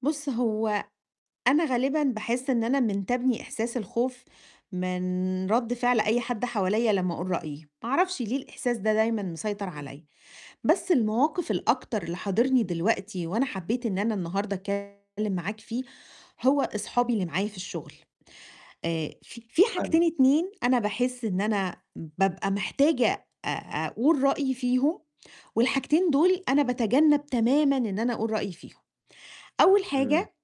بُص هو أنا غالبًا باحِسّ إن أنا منتابني إحساس الخوف، من رد فعل أي حد حواليّا لمّا أقول رأيي، ما أعرفش ليه الإحساس ده دايمًا مسيطر امم. عليّا، بس المواقف الأكتر اللي حاضرني دلوقتي، وأنا حبيت إن أنا النهارده أتكلِّم معاك فيه هو أصحابي اللي معايا في الشُّغل، آآ في في حاجتين فاههمِك. 2 أنا باحِسّ إن أنا بابقى محتاجة أ أقول رأيي فيهم، والحاجتين دول أنا باتجنب تمامًا إن أنا أقول رأيي فيهم، أول امم. حاجة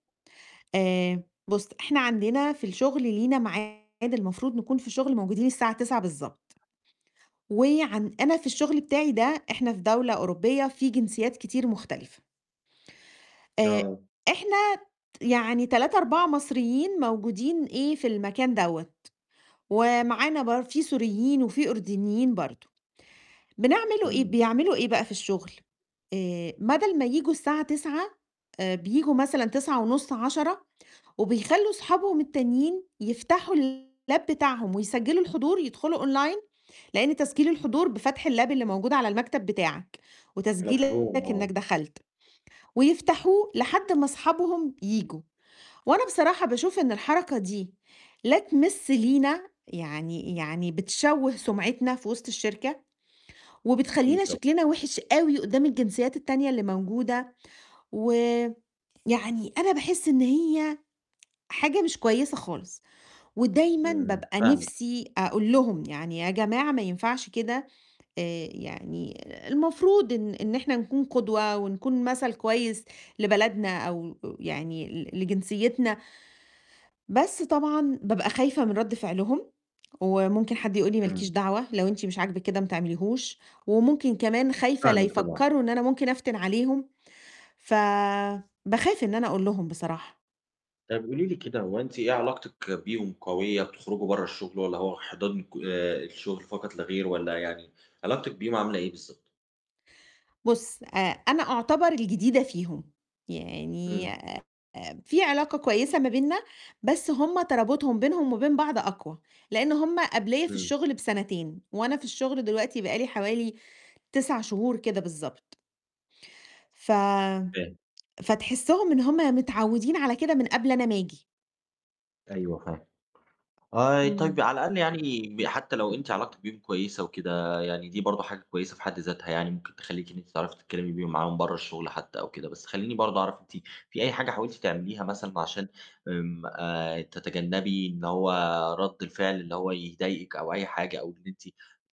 آآ بُص إحنا عندنا في الشُّغل لينا معاد المفروض نكون في الشُّغل موجودين الساعة 09:00 بالضبط، وعن أنا في الشُّغل بتاعي ده إحنا في دولة أوروبية في جنسيات كتير مختلفة. آآ آه. إحنا ت يعني 3، 4 مصريين موجودين إيه في المكان دوّة، ومعانا بر في سوريين وفي أردنيين برضه، بنعمل إيه امم. بيعملوا إيه بقى في الشُّغل؟ آآ بدل ما ييجوا الساعة 09:00 آآ بييجوا مثلًا 09:30 10:00 وبيخلّوا صحابهم التانيين يفتحوا الLab بتاعهم ويسجلوا الحضور يدخلوا Online لإن تسجيل الحضور بفتح الLab اللي موجود على المكتب بتاعك، مفهوم وتسجيلك آه. إنك دخلت، ويفتحوه لحد ما صحابهم ييجوا، وأنا بصراحة باشوف إن الحركة دي لا تمس لينا يعني يعني بتشوه سُمعتنا في وسط الشركة، أكيد وبتخلّينا طبعًا. شكلنا وِحِش أوي قدَّام الجنسيات التانية اللي موجودة، و يعني أنا باحِسّ إن هي حاجة مش كويسة خالص، ودايمًا امم، بابقى فاهمِك. نفسي أقول لهم يعني يا جماعة ما ينفعش كده. آآ يعني المفروض إن إن إحنا نكون قدوة ونكون مثل كويس لبلدنا، أو آآ يعني ل لجنسيتنا. بس طبعًا بابقى خايفة من رد فعلهم، وممكن حد يقول لي، ما لكيش امم. دعوة، لو أنتِ مش عاجبِك كده ما تعمليهوش. وممكن كمان خايفة لا فاهمِك طبعًا. يفكروا إن أنا ممكن أفتن عليهم، ف باخاف إن أنا أقول لهم بصراحة. طب قولي لي كده، هو أنتِ إيه علاقتِك بيهم قوية بتخرجوا برَّا الشُّغل، والّا هو حِضَر آآ الشُّغل فقط لا غير والّا يعني علاقتِك بيهم عاملة إيه بالضبط؟ بُص آآ أنا أعُتبر الجديدة فيهم، يعني امم. آآ في علاقة كويسة ما بيننا، بس هُم ترابُطهم بينهم وبين بعض أقوى، لإن هُم قبليّا في امم. الشُّغل بسنتين، وأنا في الشُّغل دلوقتي بقالي حوالي 9 شهور كده بالضبط. ف فاهم. فتحسهم إن هُم متعودين على كده من قبل أنا ما أجي. أيوه، فاهم، آآ طيب امم. على الأقل يعني حتى لو أنتِ علاقتِك بيهم كويسة وكده، يعني دي برضه حاجة كويسة في حد ذاتها، يعني ممكن تخلّيكِ إن أنتِ تعرفي تتكلِّمي بيهم معاهم برَّا الشُّغل حتى أو كده، بس خلّيني برضه أعرف أنتِ في أي حاجة حاولتِ تعمليها مثلًا عشان آمم آآ تتجنبي إن هو رد الفِعل اللي هو يضايقِك أو أي حاجة، أو إن أنتِ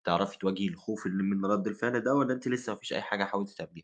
تعرفي تواجهي الخوف من من رَدّ الفِعل ده، والّا أنتِ لسه ما فيش أي حاجة حاولتِ تعمليها؟